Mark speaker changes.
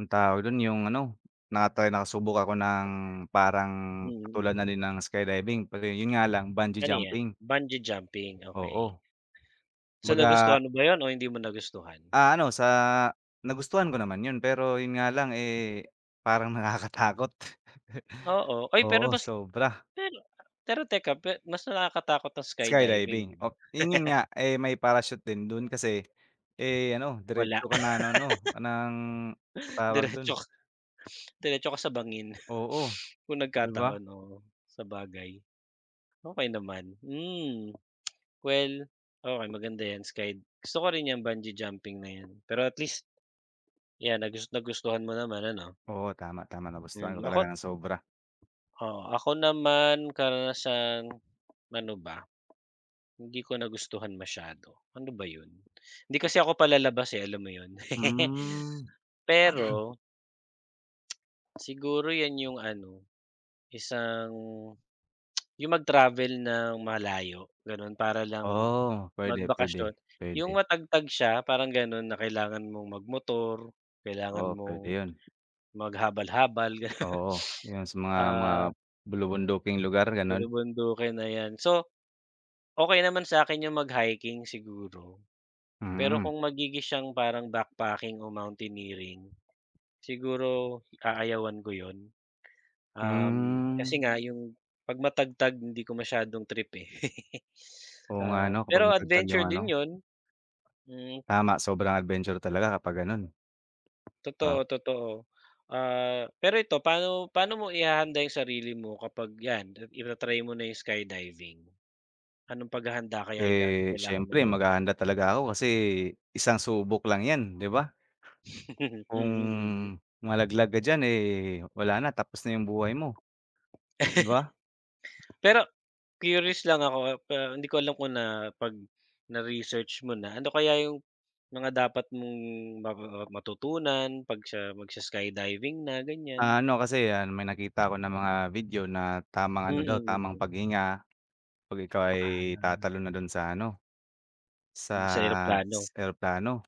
Speaker 1: Anong tawag dun yung ano, na-try nakasubok ako ng parang
Speaker 2: Mm,
Speaker 1: katulad na
Speaker 2: mm.
Speaker 1: din ng skydiving pero yun nga lang bungee
Speaker 2: Ganyan
Speaker 1: jumping.
Speaker 2: bungee jumping, okey.
Speaker 1: Oo.
Speaker 2: So
Speaker 1: Kumbaga.
Speaker 2: nagustuhan mo ba yun o hindi mo nagustuhan?
Speaker 1: Ah, ano sa nagustuhan ko naman yun pero yun nga lang eh parang nakakatakot.
Speaker 2: Oo ay pero
Speaker 1: Oo
Speaker 2: mas,
Speaker 1: sobra.
Speaker 2: pero pero teka mas nakakatakot ng skydiving
Speaker 1: Skydiving
Speaker 2: 'di ba?
Speaker 1: oh yun yun nga eh may parashoot din dun kasi eh ano
Speaker 2: Wala.
Speaker 1: diretso ka na ng ano ng, tawag dun.
Speaker 2: Diretso. Diretso kasabangin
Speaker 1: Oo
Speaker 2: kung
Speaker 1: 'di ba?
Speaker 2: nagkataon oo sabagay. Okey naman hmm, well okey maganda yan skide, gusto ko rin yung bungee jumping na yan pero at least. 'Yan nag nagustuhan mo naman ano?
Speaker 1: Oo tama, tama na gustuhan ko
Speaker 2: Hmm,
Speaker 1: talaga
Speaker 2: ako
Speaker 1: ng sobra.
Speaker 2: Oo ako naman karanasan ano ba? Hindi ko nagustuhan masyado, ano ba yun, hindi kasi ako palalabas eh alam mo yun.
Speaker 1: Hmm.
Speaker 2: Pero Siguro 'yan yung ano, isang yung mag-travel ng malayo ganon para lang
Speaker 1: Oo pwede,
Speaker 2: magbakasyon
Speaker 1: pwede,
Speaker 2: yung
Speaker 1: pwede.
Speaker 2: matagtag siya parang ganon na kailangan mong mag-motor, kailangan
Speaker 1: Oo pwede
Speaker 2: mong
Speaker 1: yun.
Speaker 2: maghabal-habal gano'n.
Speaker 1: Oo yung sa mga mga
Speaker 2: Ah.
Speaker 1: bulubunduking lugar gano'n.
Speaker 2: Bulubundukin na 'yan, so. Okey naman sa'kin yung mag-hiking siguro, pero
Speaker 1: Mm.
Speaker 2: kung magiging siyang parang backpacking o mountaineering, siguro aayawan ko yun. Um, kasi
Speaker 1: Mm.
Speaker 2: nga yung pag matagtag hindi ko masyadong trip eh.
Speaker 1: Oo nga
Speaker 2: Ah,
Speaker 1: ano kapag
Speaker 2: pero
Speaker 1: matagtag
Speaker 2: adventure
Speaker 1: yung
Speaker 2: din
Speaker 1: ano.
Speaker 2: yun. Hmm.
Speaker 1: Tama sobrang adventure talaga kapag gano'n. 'Di ba?
Speaker 2: Totoo, totoo. Ah, pero ito pa'no paano mo ihahanda yung sarili mo kapag yan ita-try mo na yung skydiving? Anong paghahanda kaya yung
Speaker 1: Eh
Speaker 2: ga-kailangan mong
Speaker 1: siyempre
Speaker 2: gawin?
Speaker 1: maghahanda talaga ako kasi isang subok lang 'yan 'di ba? Kung
Speaker 2: Mm, mm.
Speaker 1: malaglag ka diyan wala na tapos na yung buhay mo. 'Di ba?
Speaker 2: Pero curious lang ako pero hindi ko alam kung na pag na research mo na ano kaya yung mga dapat mong matutunan pag sa mag sa-skydiving na ganyan?
Speaker 1: Ah, ano kasi may nakita ako ng mga video na tamang
Speaker 2: Mm,
Speaker 1: ano daw tamang
Speaker 2: mm.
Speaker 1: paghinga pag ikaw ay
Speaker 2: Ah.
Speaker 1: tatalon na dun sa ano
Speaker 2: Dun sa
Speaker 1: sa
Speaker 2: eroplano.
Speaker 1: s eroplano.